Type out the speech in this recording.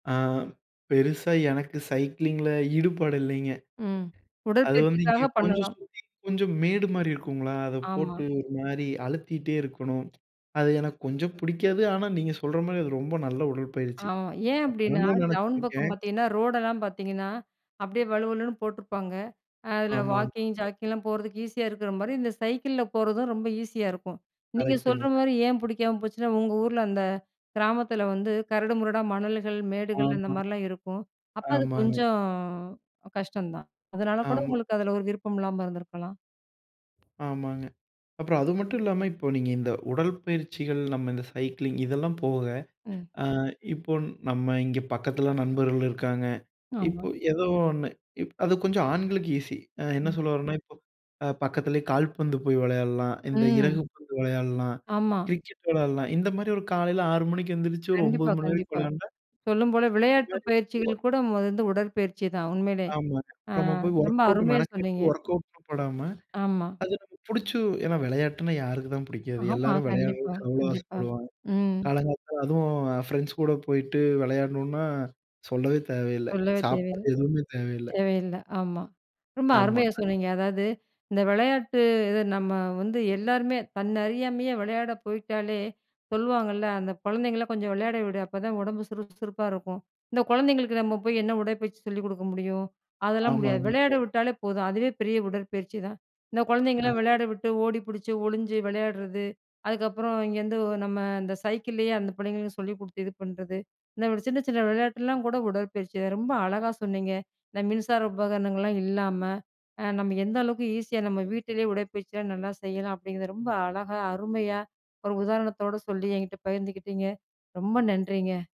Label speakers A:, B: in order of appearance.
A: ஆ. பெருசா எனக்கு சைக்கிளிங்கில ஈடுபாடு இல்லைங்க.
B: ம்.
A: அது வந்து இங்க
B: உடற்பயிற்சிக்காக
A: கொஞ்சம்
B: பண்ணலாம்.
A: சுத்தீ கொஞ்சம் மேடு மாரி இருக்குங்களா, அத
B: ஆமா.
A: போட்டு ஒரு மாரி அழுத்திட்டே இருக்கணும். அது எனக்கு கொஞ்சம் பிடிக்காது. ஆனா நீங்க சொல்ற மாரி அது ரொம்ப நல்ல உடற்பயிற்சி,
B: ஆமா, ஏன்
A: நான்
B: அப்படின்னா,
A: பண்ணணும்னு
B: டவுன் பக்கம்
A: நினைச்சிருக்கேன்.
B: பாத்திங்கன்னா, ரோடெல்லாம் பாத்திங்கன்னா அப்படியே வழுவழுன்னு போட்டுருப்பாங்க. அ அதுல
A: ஆமாம்.
B: Walking,
A: correct.
B: ஜாக்கிங்லாம் போறதுக்கு ஈஸியா இருக்குற மாரி, இந்த சைக்கிள்ல போறதும் ரொம்ப ஈஸியா இருக்கும். நீங்க
A: கரெக்ட்ங்க,
B: சொல்ற
A: கரெக்ட்.
B: மாரி ஏன் புடிக்காம போச்சுன்னா, உங்க ஊர்ல அந்த கிராமத்தில வந்து கரடு முரடா மணல்கள், மேடுகள் அந்த
A: ஆமா.
B: மாரிலாம் இருக்கும். அப்ப அது
A: ஆமாங்க.
B: கொஞ்சம் கஷ்டம் தான். அதனால கூட
A: ஆமா.
B: உங்களுக்கு அதில ஒரு விருப்பம் இல்லாம இருந்துருக்கலாம்.
A: ஆமாங்க, அப்புறம் அது மட்டும் இல்லாம, இப்ப நீங்க இந்த உடல்பயிற்சிகள், நம்ம இந்த சைக்கிளிங். இதெல்லாம் போக,
B: ம்.
A: அ இப்போ நம்ம இங்க பக்கத்துல நண்பர்கள் இருக்காங்க.
B: ஆமா.
A: இப்ப ஏதோ ஒன்னு இப் அது கொஞ்சம் ஆண்களுக்கு ஈஸி. அ என்ன
B: ம்.
A: சொல்ல வரேன்னா, இப்போ, பக்கத்தில கால்பந்து போய் விளையாடலாம், இந்த இறகு
B: ம்.
A: பந்து விளையாடலாம்,
B: ஆமா.
A: கிரிக்கெட் விளையாடலாம். இந்த மாரி ஒரு காலையில 6 மணிக்கு எந்திரிச்சு, ஒரு 9
B: கண்டிப்பா,
A: மணி வரைக்கும்
B: கண்டிப்பா.
A: விளையாண்டா.
B: சொல்லும்போல
A: இது
B: விளையாட்டு
A: மாறி
B: பயிற்சிகள் கூட மொத வந்து உடற்பயிற்சிதான். உண்மையிலே.
A: ஆமாங்க.
B: அ
A: நம்ம போய்
B: ரொம்ப
A: ஒர்க் அவுட்
B: அருமையா
A: மெனக்கட்டு,
B: சொன்னிங்க, ம்.
A: ஒர்க்கவுட்ன்னு போடாம.
B: ஆமா.
A: அது நமக்கு பிடிச்சு ஏன்னா விளையாட்டுனா யாருக்கு தான் பிடிக்காது?
B: ஆமா,
A: எல்லாரும்
B: கண்டிப்பா
A: விளையாடறதுக்கு அவ்வளோ
B: கண்டிப்பா,
A: ஆசைப்படுவாங்க!
B: ம்.
A: காலங்காத்த, அதும் ஃப்ரெண்ட்ஸ் கூட போயிட்டு விளையாடணுனா, சொல்லவே தேவையில்ல.
B: சொல்லவே தேவயில்
A: சாப்பாடு எதுமே தேவையில்ல.
B: தேவையில்ல, ஆமா. ரொம்ப
A: ஆமா.
B: அருமையா சொன்னிங்க. அதாவது, இந்த விளையாட்டு, இது நம்ம வந்து எல்லாருமே, தன்ன அறியாமையே விளையாட போயிட்டாலே! சொல்லுவாங்கள்ல, "அந்த குழந்தைங்கள கொஞ்சம் விளையாட விடு, அப்ப தான் ஒடம்பு சுறுப்பு சுறுப்பா இருக்கும்." இந்த குழந்தைங்களுக்கு நம்ம போய் என்ன உடற்பயிற்சி சொல்லிக் கொடுக்க முடியும், அதெல்லாம் முடியாது.
A: ஆமாங்க,
B: விளையாட
A: கரெக்ட்.
B: விட்டாலே போதும், அதுவே பெரிய உடற்பயிற்சிதான். இந்த குழந்தைங்கலாம்
A: அ.
B: விளையாட விட்டு, ஓடி பிடிச்சு ஒளிஞ்சு விளையாடுறது, அதுக்கப்புறம் இங்கேருந்து, நம்ம இந்த சைக்கிளேயே அந்த பிள்ளைங்களுக்கு சொல்லிக் குடுத்து, இது பண்ணுறது, இந்த சின்ன சின்ன விளையாட்டுலாம் கூட உடற்பயிற்சி தான். ரொம்ப அழகா சொன்னிங்க. இந்த மின்சார உபகரணங்கள்லாம் இல்லாம, நம்ம எந்த அளவுக்கு ஈஸியா நம்ம வீட்லேயே உடற்பயிற்சி எல்லாம் நல்லா செய்யலாம் அப்படிங்குறத ரொம்ப அழகா, அருமையா ஒரு உதாரணத்தோட சொல்லி என்கிட்ட பகிர்ந்துக்கிட்டீங்க, ரொம்ப நன்றிங்க!